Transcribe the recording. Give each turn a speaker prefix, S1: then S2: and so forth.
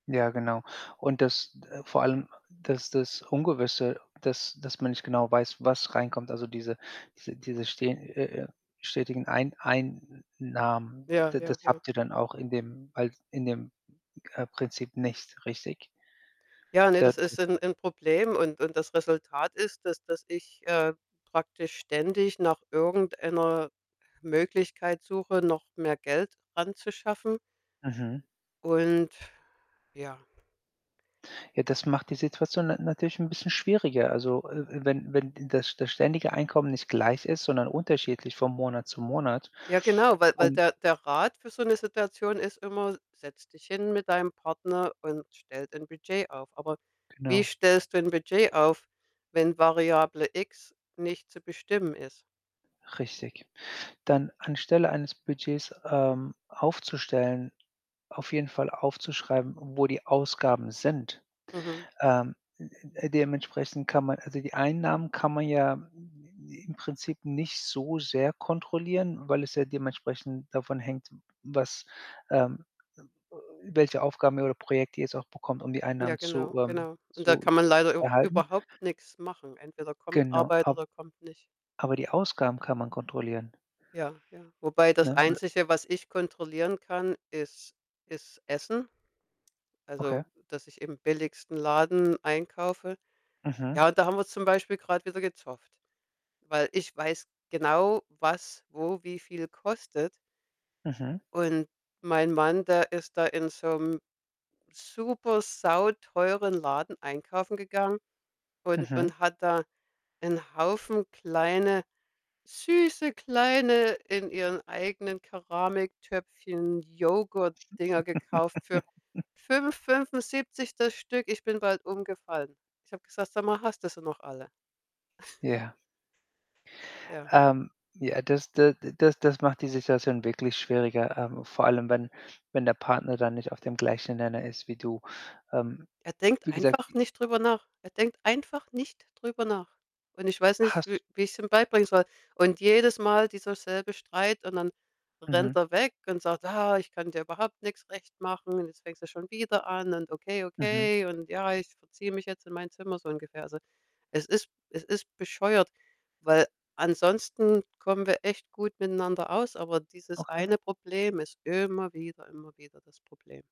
S1: Ja, genau. Und das d vor allem, das das Ungewisse, dass dass man nicht genau weiß, was reinkommt. Also, diese diese diese ste äh, äh, stetigen Ein Einnahmen,
S2: Ja,
S1: d das
S2: ja, ja.
S1: habt ihr dann auch in dem als in dem, äh, Prinzip nicht, richtig?
S2: Ja, ne,
S1: Da
S2: das ist
S1: das
S2: 'n 'n Problem. Und und das Resultat ist, dass dass ich, äh, praktisch ständig nach irgendeiner Möglichkeit suche, noch mehr Geld ranzuschaffen.
S1: Mhm.
S2: Und ja.
S1: Ja, das macht die Situation na natürlich 'n bisschen schwieriger. Also, äh, äh, wenn wenn das das ständige Einkommen nicht gleich ist, sondern unterschiedlich von Monat zu Monat
S2: Ja, genau, weil weil
S1: und
S2: der der Rat für so 'ne Situation ist immer: „S setz dich hin mit deinem Partner und stellt ein Budget auf.“ Aber wie
S1: Genau.
S2: stellst du ein Budget auf, wenn Variable X nicht zu bestimmen ist?
S1: Richtig. Dann anstelle eines Budgets, ähm, aufzustellen, auf jeden Fall aufzuschreiben, wo die Ausgaben sind.
S2: Mhm.
S1: Ähm, m m äh, dementsprechend kann man also, die Einnahmen kann man ja im Prinzip nicht so sehr kontrollieren, weil es ja dementsprechend davon hängt, w was, ähm äh, welche Aufgaben oder Projekte ihr jetzt auch bekommt, um die
S2: Ja,
S1: Einnahmen zu,
S2: genau,
S1: ähm
S2: genau. Und da
S1: zu
S2: kann man
S1: zu
S2: leider auch
S1: erhalten.
S2: überhaupt nix machen. Entweder kommt
S1: Genau,
S2: Arbeit
S1: a
S2: oder kommt nicht.
S1: aber die Ausgaben kann man kontrollieren
S2: Ja, ja. Wobei das
S1: ne? W
S2: Einzige, was ich kontrollieren kann, ist ist Essen.
S1: Okay.
S2: Also, dass ich im billigsten Laden einkaufe.
S1: Mhm.
S2: Ja, und da haben wir zum Beispiel grad wieder gezofft, weil ich weiß genau, was wo wie viel kostet
S1: Mhm.
S2: und mein Mann, der ist da in so 'nem super sauteuren Laden einkaufen gegangen und
S1: Mhm.
S2: und hat da 'n Haufen kleine süße kleine- in ihren eigenen Keramiktöpfchen- Joghurtdinger gekauft für für 5,75 das Stück. Ich bin bald umgefallen. Ich habe gesagt: „Sag mal, hast du sie noch alle?“
S1: Ja.
S2: Ja.
S1: Ähm, ja. Das d das das macht die Situation wirklich schwieriger, ähm, vor allem, wenn wenn der Partner da nicht auf dem gleichen Nenner ist wie du. Ähm,
S2: Er denkt
S1: wie gesagt,
S2: einfach
S1: i
S2: nicht drüber nach. Er denkt einfach nicht drüber nach. Und ich weiß nicht, w
S1: Has
S2: wie ich's ihm beibringen soll. Und jedes Mal dieser selbe Streit, und dann
S1: Mhm.
S2: rennt er weg und sagt: „Ah, ich kann dir überhaupt nix recht machen. Und jetzt fängst du schon wieder an.“, und „Okay,
S1: Mhm.
S2: okay“, und „Ja, ich verziehe mich jetzt in mein Zimmer“ so ungefähr. Also, es ist es ist bescheuert, weil ansonsten kommen wir echt gut miteinander aus. Aber dieses
S1: Okay.
S2: eine Problem ist immer wieder immer wieder das Problem.